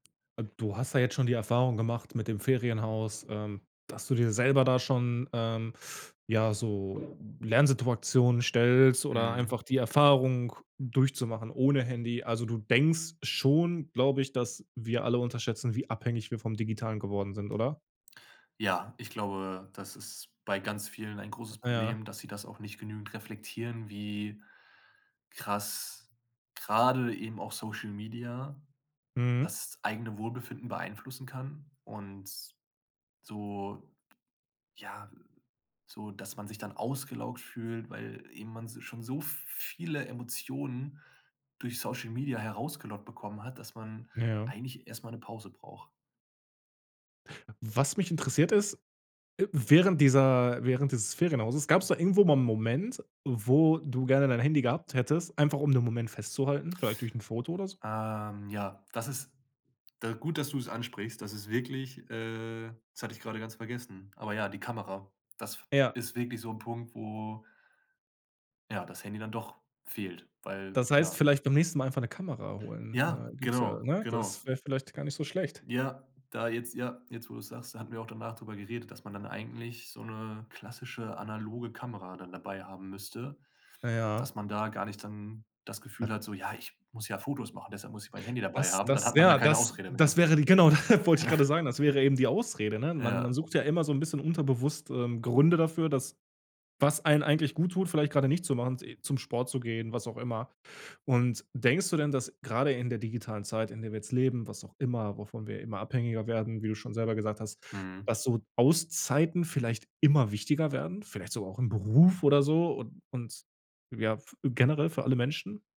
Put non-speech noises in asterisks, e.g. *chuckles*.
Äh, du hast da jetzt schon die Erfahrung gemacht mit dem Ferienhaus, ähm, dass du dir selber da schon, ähm, ja, so Lernsituationen stellst oder Mhm. einfach die Erfahrung durchzumachen ohne Handy. Also, du denkst schon, glaube ich, dass wir alle unterschätzen, wie abhängig wir vom Digitalen geworden sind, oder? Ja, ich glaube, das ist bei ganz vielen ein großes Ah ja. Problem, dass sie das auch nicht genügend reflektieren, wie krass grade eben auch Social Media Mhm. das eigene Wohlbefinden beeinflussen kann. Und s so ja, so, dass man sich dann ausgelaugt fühlt, weil eben man s schon so viele Emotionen durch Social Media herausgelockt bekommen hat, dass man Ja. eigentlich erst mal 'ne Pause braucht. Was mich interessiert, ist, äh, während dieser während dieses Ferienhauses gab's da irgendwo mal 'n Moment, wo du gerne dein Handy gehabt hättest, einfach um den Moment festzuhalten, vielleicht durch 'n Foto oder s Ähm, ja, das ist d gut, dass du's ansprichst. Das ist wirklich, äh das hatte ich gerade ganz vergessen, aber ja, die Kamera, das f Ja. ist wirklich so 'n Punkt, wo ja, das Handy dann doch fehlt, weil Das heißt, ja. vielleicht beim nächsten Mal einfach 'ne Kamera holen. Da Ja, gibt's da genau, ne? genau. Das wäre vielleicht gar nicht so schlecht. Ja, da jetzt ja, jetzt, wo du's sagst, da hatten wir auch danach drüber geredet, dass man dann eigentlich so 'ne klassische analoge Kamera dann dabei haben müsste, Ja. dass man da gar nicht dann das Gefühl hat so: „Ja, ich muss ja Fotos machen, deshalb muss ich mein Handy dabei Das haben”. Dann das hat man ja ja, keine das Ausrede mehr. das wäre die genau, *chuckles* wollte ich gerade *chuckles* sagen. Das wäre eben die Ausrede, ne? Man man Ja. sucht ja immer so 'n bisschen unterbewusst, ähm, Gründe dafür, dass was einem eigentlich gut tut, vielleicht gerade nicht zu machen. Zum Sport zu gehen, was auch immer. Und denkst du denn, dass gerade in der digitalen Zeit, in der wir jetzt leben, was auch immer wovon wir immer abhängiger werden, wie du schon selber gesagt hast, Mhm. dass so Auszeiten vielleicht immer wichtiger werden? Vielleicht sogar auch im Beruf oder so? Und und ja, f generell für alle Menschen?